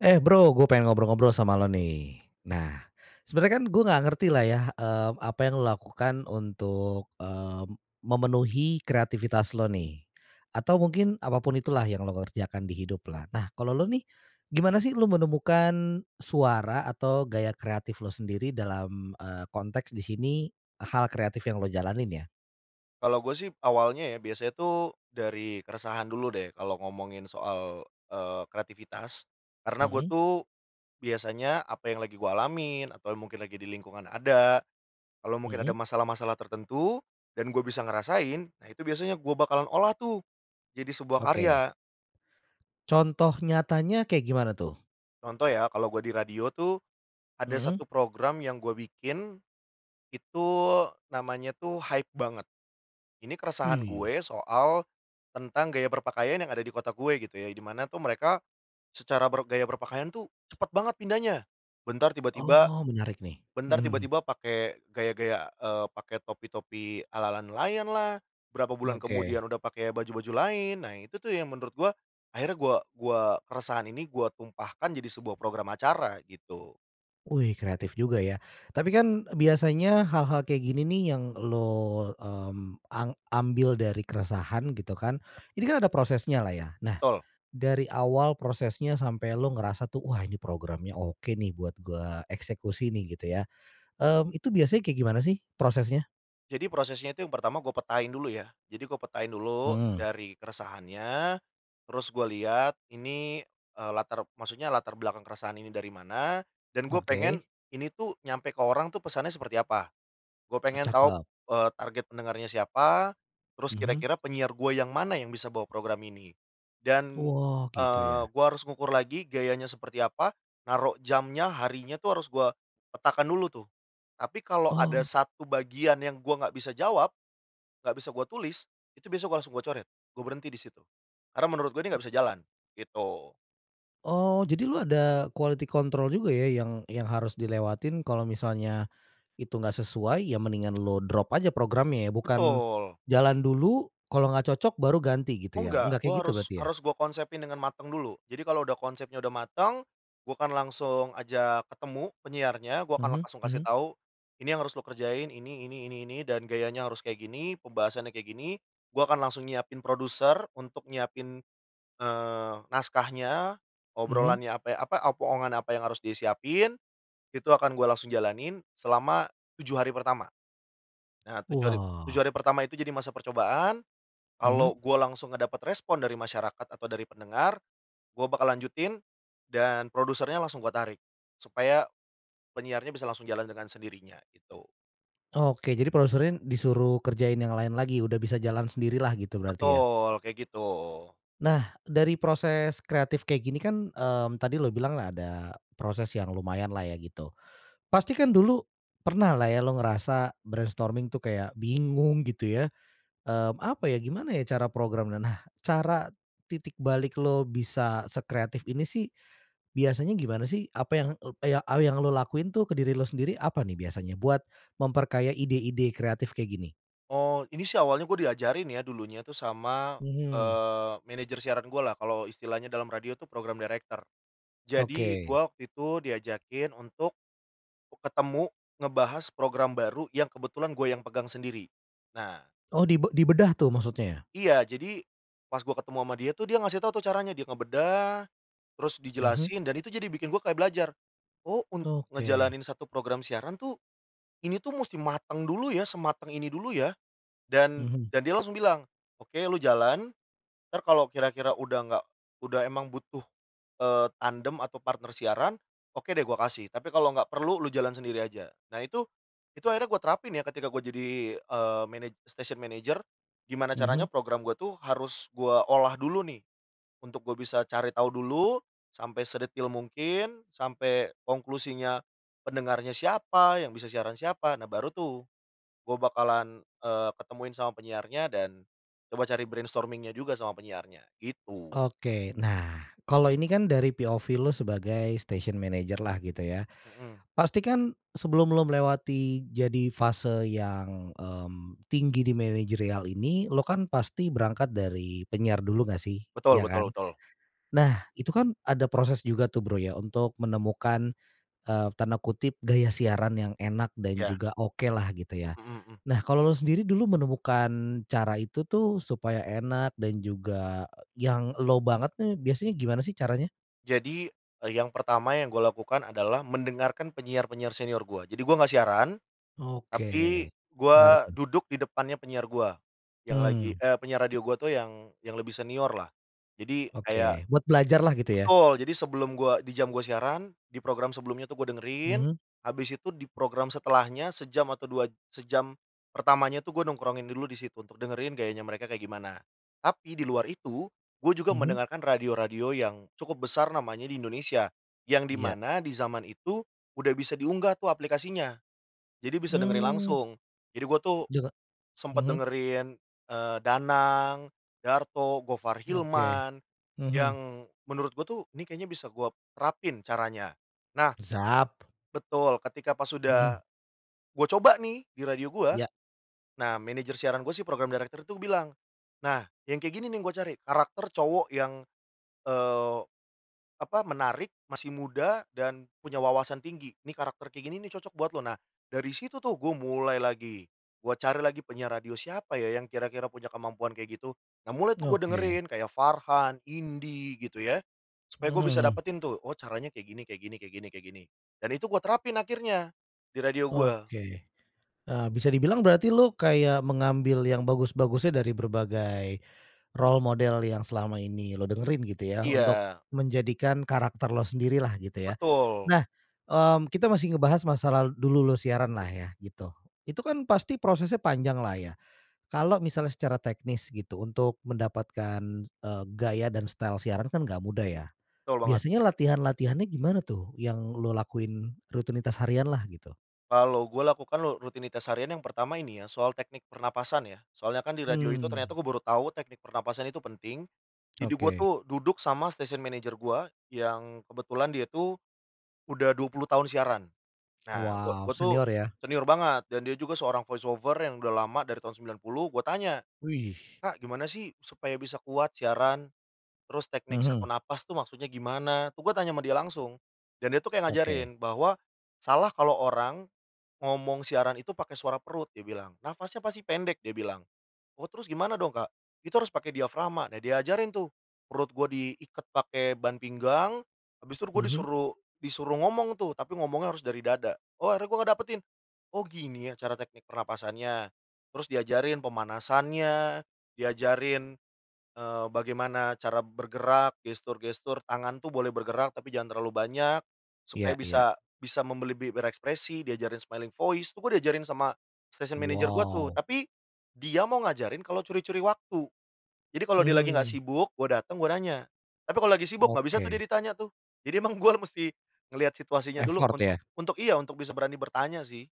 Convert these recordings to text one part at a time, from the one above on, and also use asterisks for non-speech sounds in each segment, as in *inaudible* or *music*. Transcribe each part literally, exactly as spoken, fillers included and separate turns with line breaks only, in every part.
Eh Bro, gua pengen ngobrol-ngobrol sama lo nih. Nah, sebenarnya kan gua nggak ngerti lah ya, mmm, apa yang lo lakukan untuk, mmm, memenuhi kreativitas lo nih. Atau mungkin apapun itulah yang lo kerjakan di hidup lah. Nah kalau lo nih, gimana sih lo menemukan suara atau gaya kreatif lo sendiri dalam, eee, konteks di sini hal kreatif yang lo jalanin ya?
Kalau gue sih awalnya ya, biasanya tuh dari keresahan dulu deh, kalau ngomongin soal, eee, kreativitas. Karena gue
Mhm.
tuh biasanya, apa yang lagi gua alamin atau mungkin lagi di lingkungan ada, kalo mungkin
Mhm.
ada masalah-masalah tertentu dan gue bisa ngerasain, nah itu biasanya gue bakalan olah tuh jadi sebuah
Oke.
karya.
Contoh nyatanya, kayak gimana tuh?
Contoh ya, kalo gue di radio tuh, ada
Mhm.
satu program yang gue bikin, itu namanya tuh Hype Banget. Ini keresahan
Wih.
gue soal, tentang gaya berpakaian yang ada di kota gue gitu ya, di mana tuh mereka secara ber gaya berpakaian tuh cepat banget pindahnya. Bentar tiba-tiba
Oh menarik nih.
bentar
Mhm.
tiba-tiba, pake gaya-gaya, eee, pake topi-topi ala-ala nelayanlah, berapa bulan
Oke.
kemudian udah pake baju-baju lain. Nah, itu tuh yang menurut gua, akhirnya gua gua keresahan ini gua tumpahkan jadi sebuah program acara gitu.
Wih kreatif juga ya. Tapi kan biasanya hal-hal kayak gini nih yang lo, mmm, ang ambil dari keresahan gitu kan, ini kan ada prosesnya lah, ya? Nah
Betul.
dari awal prosesnya sampai lu ngerasa tuh, "Wah ini programnya oke, nih, buat gua eksekusi nih." Gitu ya, mmm, itu biasanya kayak gimana sih prosesnya?
Jadi, prosesnya itu yang pertama gua petain dulu ya. Jadi gua petain dulu
Mhm.
dari keresahannya, terus gua lihat ini, eee, latar maksudnya latar belakang keresahan ini dari mana dan gue pengen
Oke.
ini tuh nyampe ke orang tuh pesannya seperti apa. Gue
Oh,
pengen tahu,
cakep.
eee, target pendengarnya siapa, terus
Mhm.
kira-kira penyiar gue yang mana yang bisa bawa program ini. Dan,
Wah gitu
eee,
ya?
gua harus ngukur lagi gayanya seperti apa, naruh jamnya harinya tuh harus gua petakan dulu tuh. Tapi kalo ada
Oh.
satu bagian yang gua nggak bisa jawab, gak bisa gua tulis, itu biasanya gua langsung gua coret, gua berhenti di situ. Karena menurut gua ini gak bisa jalan, gitu.
Oh jadi lu ada quality control juga ya, yang yang harus dilewatin kalau misalnya itu enggak sesuai ya mendingan lu drop aja programnya ya, bukan
Betul.
jalan dulu kalau nggak cocok baru ganti gitu
Oh
ya?
enggak,
Enggak
gue
kayak gitu
harus
berarti ya?
harus gue konsepin dengan mateng dulu. Jadi kalo udah konsepnya udah mateng, gua akan langsung ajak ketemu penyiarnya, gua akan
Mhm
langsung kasih
mhm.
tahu, "Ini yang harus lo kerjain, ini, ini, ini, ini, dan gayanya harus kayak gini, pembahasannya kayak gini." Gua akan langsung nyiapin produser untuk nyiapin, eee, naskahnya,
Mhm.
obrolannya ape apa opongan apa yang harus disiapin, itu akan gue langsung jalanin, selama tujuh hari pertama. Nah tujuh hari tujuh
Wah.
hari pertama itu jadi masa percobaan,
Mhm.
kalo gua langsung dapet respon dari masyarakat atau dari pendengar gue bakal lanjutin dan produsernya langsung gue tarik, supaya penyiarnya bisa langsung jalan dengan sendirinya, gitu.
Oke jadi produserin disuruh kerjain yang lain lagi, udah bisa jalan sendirilah gitu berarti, ya?
Betul, kayak gitu.
Nah, dari proses kreatif kayak gini kan, mmm, tadi lu bilang ada proses yang lumayanlah ya gitu. Pasti kan dulu pernahlah ya, lu ngerasa brainstorming tuh kayak bingung gitu ya? Mmm, apa ya, gimana ya cara program, nah, cara titik balik lo bisa sekreatif ini sih, biasanya gimana sih apa yang, e yang, hal yang lu lakuin tuh ke diri lo sendiri, apa nih biasanya, buat memperkaya ide-ide kreatif kayak gini?
Oh, ini sih awalnya gua diajarin ya dulunya tuh sama,
Mhm.
eee, manager siaran gua lah kalo istilahnya dalam radio tuh program director. Jadi,
Oke.
gua waktu itu diajakin untuk k ketemu, ngebahas program baru yang kebetulan gua yang pegang sendiri, nah
Oh dibe dibedah tuh maksudnya?
Iya, jadi pas gua ketemu sama dia tuh, dia ngasih tau tuh caranya, dia ngebedah, terus
Mhm.
dijelasin dan itu jadi bikin gua kaya belajar, "Oh untuk
Oke.
ngejalanin satu program siaran tuh, ini tuh musti mateng dulu ya sematang ini dulu ya." Dan
Mhm.
dan dia langsung bilang, "Oke lu jalan ntar kalau kira-kira udah nggak, udah emang butuh, eee, tandem atau partner siaran, oke deh gua kasih. Tapi kalau nggak perlu lu jalan sendiri aja." Nah, itu itu akhirnya gua terapin ya ketika gua jadi, eee, manaj station manager gimana caranya
Mhm.
program gua tuh, harus gua olah dulu nih, untuk gua bisa cari tahu dulu sampai sedetail mungkin, sampai konklusinya, pendengarnya siapa, yang bisa siaran siapa, nah baru tuh gue bakalan, eee, ketemuin sama penyiarnya dan coba cari brainstorming-nya juga sama penyiarnya gitu.
Oke. Nah kalau ini kan dari POV lo sebagai station manager lah gitu ya,
Mhm.
pastikan, sebelum lo melewati jadi fase yang, mmm, tinggi di manajerial ini, lo kan pasti berangkat dari penyiar dulu nggak sih,
Betul
ya kan?
betul betul.
Nah itu kan ada proses juga tuh Bro ya untuk menemukan, eee, tanda kutip, "gaya siaran yang enak dan
Iya.
juga oke lah," gitu ya?
Mhm mhm.
Nah, kalau lu sendiri dulu menemukan cara itu tuh supaya enak dan juga yang lo banget nih, biasanya gimana sih caranya?
Jadi, e yang pertama yang gua lakukan adalah mendengarkan penyiar-penyar senior gua. Jadi gua gak siaran, tapi
Oke. Menarik,
gua
hmm.
duduk di depannya penyiar gua, yang lagi,
Mmm.
eee, penyiar radio gua tuh yang, yang lebih seniorlah. Jadi kayak
Oke. Buat belajarlah gitu ya?
betul, jadi sebelum gua di jam gua siaran di program sebelumnya tuh gua dengerin
Mhm.
abis itu di program setelahnya sejam atau dua sejam pertamanya tuh gua nongkrongin dulu di situ untuk dengerin gayanya mereka kayak gimana. Tapi di luar itu, gue juga
Mhm.
mendengarkan radio-radio yang cukup besar namanya di Indonesia. Yang di
Iya.
mana di zaman itu udah bisa diunggah tuh aplikasinya. Jadi bisa dengerin
Mmm.
langsung. Jadi gue tuh
Jaga
sempet
mhm.
dengerin, eee, Danang, Darto, Gofar
Oke.
Hilman,
Mhm.
yang menurut gue tuh, nih kayaknya bisa gue terapin caranya. Nah
Sap.
betul ketika pas udah
Mhm.
gua coba nih di radio gua,
Ya.
nah manajer siaran gua sih program director itu bilang, "Nah yang kayak gini nih, yang gua cari, karakter cowok yang, eee, apa, menarik, masih muda dan punya wawasan tinggi, nih karakter kayak gini nih cocok buat lo." Nah dari situ tuh gue mulai lagi, gue cari lagi penyiar radio siapa ya yang kira-kira punya kemampuan kayak gitu? Nah, mulai tuh gue
Oke.
dengerin kaya Farhan, Indy gitu ya, supaya
Mhm,
gue bisa
hmm.
dapetin tuh, "Oh caranya kayak gini kayak gini kayak gini kayak gini." Dan itu gua terapin akhirnya di radio gua.
Oke. Eee, bisa dibilang berarti lu kayak mengambil yang bagus-bagusnya dari berbagai role model yang selama ini lu dengerin gitu ya, untuk
Iya.
menjadikan karakter lo sendirilah gitu ya?
Betul.
Nah, mmm, kita masih ngebahas masalah dulu lo siaranlah ya gitu. Itu kan pasti prosesnya panjanglah ya, kalau misalnya secara teknis gitu untuk mendapatkan, eee, gaya dan style siaran kan nggak mudah ya?
Betul, banget.
Biasanya latihan-latihannya gimana tuh, yang lo lakuin rutinitas harianlah gitu?
Kalau gua lakukan lo rutinitas harian yang pertama ini ya, soal teknik pernapasan ya. Soalnya kan di radio itu
Mmm.
ternyata gua baru tahu teknik pernapasan itu penting, jadi gua
Oke.
tuh duduk sama station manager gua yang kebetulan dia tuh udah dua puluh tahun siaran. Nah, gua
Wow,
gua tuh
senior ya?
senior banget dan dia juga seorang voice over yang udah lama dari tahun sembilan puluh gue tanya,
Wih.
"Kak gimana sih supaya bisa kuat siaran, terus teknik set on
Mhm.
napas tuh maksudnya gimana?" Tuh gue tanya sama dia langsung. Dan dia tuh kayak
Oke.
ngajarin bahwa, "Salah kalau orang, ngomong siaran itu pake suara perut," dia bilang, "nafasnya pasti pendek." dia bilang, "Oh, terus gimana dong Kak?" "Itu harus pake diafragma." Nah diajarin tuh perut gue diiket pake ban pinggang, habis itu gue
Mhm.
disuruh disuruh ngomong tuh, tapi ngomongnya harus dari dada. Oh, akhirnya gue ngedapetin, "Oh gini ya cara teknik pernapasannya." Terus diajarin pemanasannya, diajarin, eee, bagaimana cara bergerak gestur-gestur tangan tuh boleh bergerak tapi jangan terlalu banyak, supaya
Iya
bisa
iya.
bisa membeli be berekspresi, diajarin smiling voice, itu gue diajarin sama station manager gua tuh.
Wow.
Tapi dia mau ngajarin kalau curi-curi waktu. Jadi, kalau dia lagi nggak
Mhm.
sibuk gua dateng, gua nanya. Tapi kalau lagi sibuk, gak bisa tuh dia
Oke.
ditanya tuh. Jadi, emang gue mesti ngeliat situasinya dulu
Effort
untuk
ya?
untuk iya untuk bisa berani bertanya sih.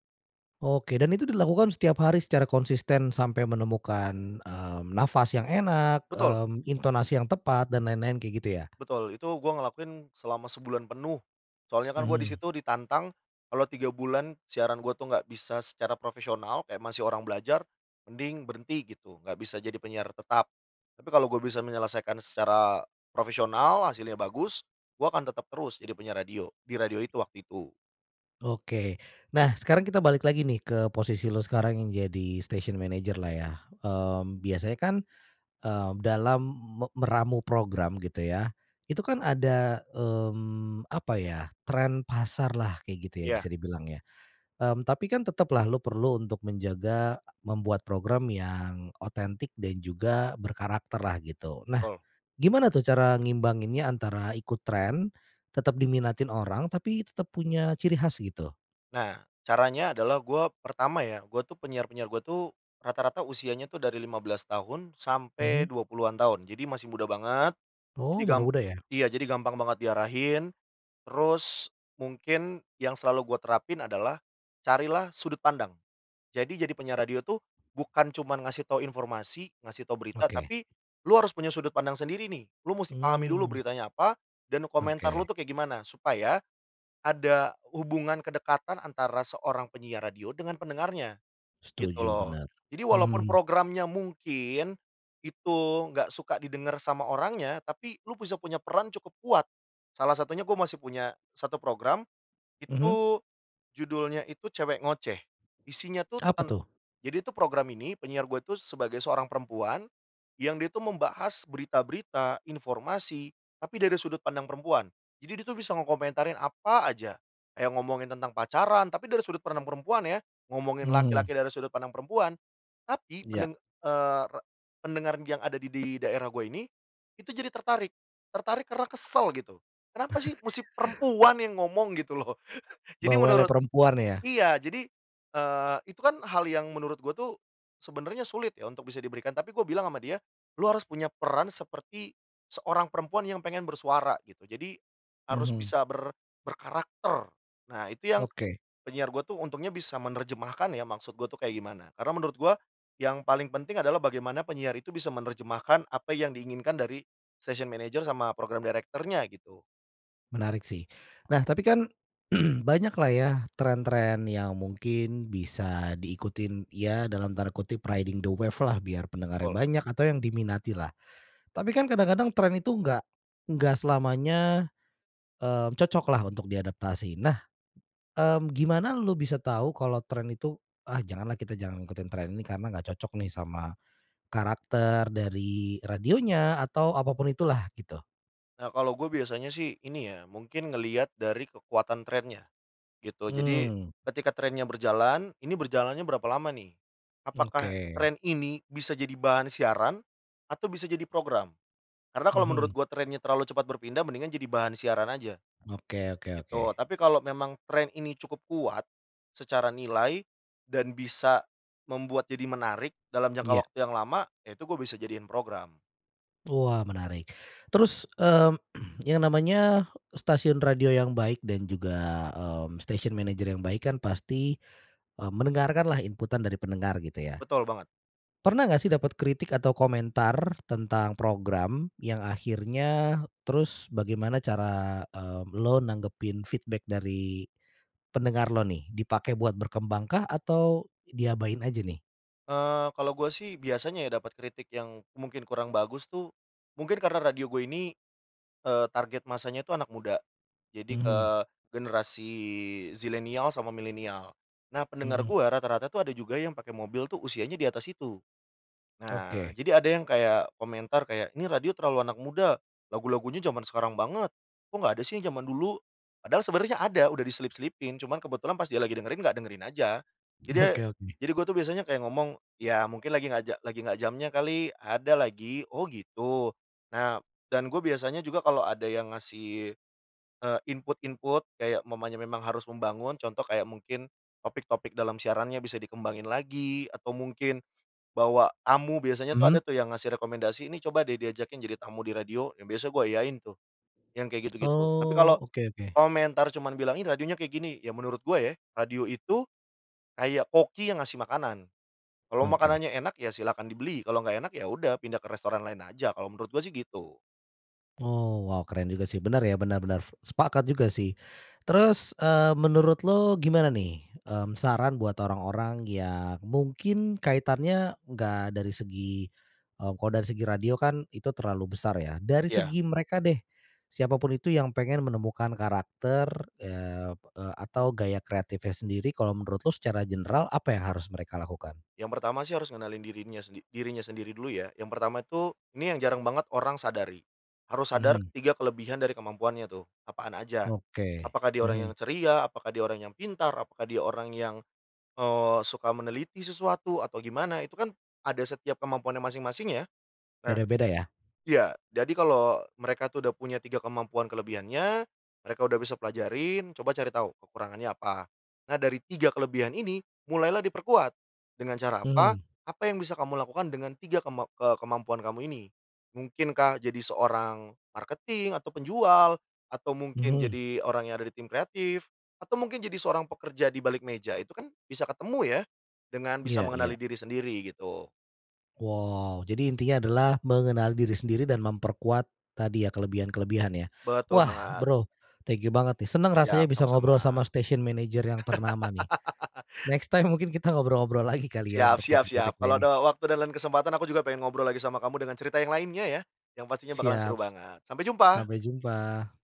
Oke dan itu dilakukan setiap hari secara konsisten sampai menemukan, mmm, nafas yang enak,
Betul.
mmm, intonasi yang tepat dan lain-lain kayak gitu ya?
Betul, itu gue ngelakuin selama sebulan penuh. Soalnya kan gue di
Mhm.
situ ditantang kalo tiga bulan, siaran gue tuh gak bisa secara profesional, kayak masih orang belajar, mending berhenti gitu, gak bisa jadi penyiar tetap. Tapi kalo gue bisa menyelesaikan secara profesional, hasilnya bagus, gue akan tetap terus jadi penyiar radio, di radio itu waktu itu.
Oke. Nah sekarang kita balik lagi nih ke posisi lo sekarang yang jadi station manager, lah ya. Mmm, biasanya kan, mmm, dalam me meramu program gitu ya, itu kan ada, mmm, apa ya tren pasarlah kayak gitu ya
Iya.
bisa dibilang ya. Mmm, tapi kan tetaplah lu perlu untuk menjaga, membuat program yang otentik dan juga berkarakterlah gitu. Nah
Betul.
gimana tuh cara ngimbanginnya antara ikut tren, tetap diminatin orang tapi tetap punya ciri khas gitu?
Nah, caranya adalah gua pertama ya, gua tuh penyiar-penyiar gue tuh rata-rata usianya tuh dari lima belas tahun sampai
Mhm.
dua puluhan tahun, jadi masih muda banget, jadi
Oh,
gam
muda-muda ya?
iya, jadi gampang banget diarahin, terus mungkin yang selalu gua terapin adalah carilah sudut pandang. Jadi, jadi penyiar radio tuh, bukan cuman ngasih tahu informasi ngasih tahu berita
Oke.
tapi lu harus punya sudut pandang sendiri nih, lu mesti pahami dulu
Mmm.
beritanya apa, dan komentar lu
Oke.
tuh kayak gimana, supaya, ada hubungan kedekatan antara seorang penyiar radio dengan pendengarnya, gitu
Setuju,
loh.
bener.
Jadi walaupun
Mhm.
programnya mungkin, itu enggak suka didengar sama orangnya, tapi lu bisa punya peran cukup kuat, salah satunya gue masih punya satu program,
Mhm.
itu judulnya itu cewek ngoceh. Isinya tuh
Apa
ten
tuh?
jadi itu program ini penyiar gue itu sebagai seorang perempuan, yang dia tuh membahas berita-berita informasi tapi dari sudut pandang perempuan. Jadi, dia itu bisa ngekomentarin apa aja. Yang ngomongin tentang pacaran, tapi dari sudut pandang perempuan ya, ngomongin
Mhm.
laki-laki dari sudut pandang perempuan, tapi
Ya.
pendeng eee, rad pendengar yang ada di daerah gue ini, itu jadi tertarik, tertarik karena kesel gitu, "Kenapa sih mesti
*chuckles*
perempuan yang ngomong." Gitu loh. *chuckles* Jadi,
Bawelnya
menurut
perempuan ya?
iya. Jadi, eee, itu kan hal yang menurut gue tuh, sebenarnya sulit ya, untuk bisa diberikan tapi gue bilang sama dia, "Lu harus punya peran seperti seorang perempuan yang pengen bersuara." Gitu. Jadi, harus
Mhm.
bisa ber berkarakter. Nah, itu yang
Oke.
penyiar gue tuh untungnya bisa menerjemahkan ya maksud gue tuh kayak gimana. Karena menurut gue yang paling penting adalah bagaimana penyiar itu bisa menerjemahkan apa yang diinginkan dari station manager sama program director-nya gitu.
Menarik sih. Nah, tapi kan *clears throat* banyaklah ya tren-tren yang mungkin bisa diikutin, ya dalam tanda kutip, "riding the wave-lah," biar pendengarnya
Betul.
banyak, atau yang diminatilah. Tapi kan kadang-kadang tren itu enggak, enggak selamanya, mmm, cocoklah untuk diadaptasi. Nah, mmm, gimana lu bisa tahu kalau tren itu, "Ah janganlah kita jangan ngikutin tren ini karena nggak cocok nih sama karakter dari radionya atau apapun itulah." Gitu.
Nah, kalau gua biasanya sih, ini ya mungkin ngelihat dari kekuatan trennya gitu. Jadi
Mmm.
ketika trennya berjalan, ini berjalannya berapa lama nih. Apakah
Oke.
tren ini bisa jadi bahan siaran atau bisa jadi program. Karena kalau menurut
Mhm.
gue trennya terlalu cepat berpindah mendingan jadi bahan siaran aja,
Oke oke
gitu.
oke.
Tapi kalau memang tren ini cukup kuat secara nilai, dan bisa membuat jadi menarik dalam jangka
Iya.
waktu yang lama, ya itu gue bisa jadiin program.
Wah menarik. Terus, mmm, *clears throat* yang namanya stasiun radio yang baik dan juga, mmm, station manager yang baik kan pasti, eee, mendengarkanlah inputan dari pendengar gitu ya,
Betul banget.
Pernah nggak sih dapat kritik atau komentar tentang program yang akhirnya terus bagaimana cara, eee, elo nanggepin feedback dari pendengar lo nih, dipakai buat berkembangkah atau diabain aja nih?
Eee, kalo gue sih biasanya ya, dapet kritik yang mungkin kurang bagus tuh, mungkin karena radio gue ini, eee, target massanya tuh anak muda. Jadi, ke
Mhm.
generasi zilenial sama milenial. Nah pendengar
Mhm.
gua rata-rata tuh ada juga yang pake mobil tuh usianya di atas situ. Nah,
Oke.
jadi ada yang kaya komentar kaya, "Ini radio terlalu anak muda lagu-lagunya jaman sekarang banget kok gak ada sih yang jaman dulu." Padahal sebenernya ada udah diselip-selipin, cuman kebetulan pas dia lagi dengerin gak dengerin aja. Jadi, e
Oke oke.
jadi gue tuh biasanya kayak ngomong, "Ya mungkin lagi gak ja lagi gak jamnya kali, ada lagi, 'oh gitu'." Nah dan gue biasanya juga kalo ada yang ngasih, eee, input-input, kayak umpamanya memang harus membangun contoh kayak mungkin topik-topik dalam siarannya bisa dikembangin lagi atau mungkin bawa tamu. Biasanya tuh ada
Mhm.
tuh yang ngasih rekomendasi, "Ini coba deh diajakin jadi tamu di radio." Nah biasa gue iyain tuh yang kayak gitu-gitu. Tapi
Oh,
kalo
oke oke.
komentar cuman bilang, "Ih radionya kayak gini." Ya menurut gue ya, radio itu kayak koki yang ngasih makanan. Kalau
Oke.
makanannya enak, ya silahkan dibeli kalau nggak enak ya udah pindah ke restoran lain aja kalau menurut gue sih gitu.
Oh, wow keren juga sih bener ya, bener bener. Sepakat juga sih. Terus, eee, menurut lu gimana nih, mmm, saran buat orang-orang yang mungkin kaitannya nggak dari segi, eee, kalau dari segi radio kan itu terlalu besar ya, dari
Ya.
segi mereka deh siapapun itu yang pengen menemukan karakter, eee, e atau gaya kreatifnya sendiri kalau menurut lo secara general apa yang harus mereka lakukan?
Yang pertama sih, harus ngenalin dirinya se dirinya sendiri dulu ya. Yang pertama itu, ini yang jarang banget orang sadari, harus sadar
Mhm.
tiga kelebihan dari kemampuannya tuh, apaan aja.
Oke.
Apakah dia orang yang
Mhm.
ceria, apakah dia orang yang pintar, apakah dia orang yang, eee, suka meneliti sesuatu atau gimana. Itu kan ada setiap kemampuannya masing-masing ya. Nah
Beda-beda ya?
iya. Jadi kalau mereka itu udah punya tiga kemampuan kelebihannya, mereka udah bisa pelajarin, coba cari tahu kekurangannya apa. Nah, dari tiga kelebihan ini mulailah diperkuat. Dengan cara apa?
Mhm.
Apa yang bisa kamu lakukan dengan tiga kemam eee, kemampuan kamu ini. Mungkinkah jadi seorang marketing atau penjual atau mungkin
Mhm.
jadi orang yang ada di tim kreatif atau mungkin jadi seorang pekerja di balik meja. Itu kan bisa ketemu ya, dengan bisa
Iya
mengenali
iya.
diri sendiri gitu.
Wow. Jadi intinya adalah mengenal diri sendiri dan memperkuat tadi ya, kelebihan-kelebihan ya?
Betul
Wah
banget.
Bro thank you banget nih seneng rasanya
Yap,
bisa
sama-sama.
ngobrol sama station manager yang ternama nih,
*laughs*
next time mungkin kita ngobrol-ngobrol lagi kali ya
Siap
untuk
siap siap.
topik-topik
Kalau ada
lainnya.
w waktu dan lain kesempatan, aku juga pengen ngobrol lagi sama kamu dengan cerita yang lainnya ya, yang pastinya bakalan seru
Siap.
banget. Sampai jumpa!
Sampai jumpa.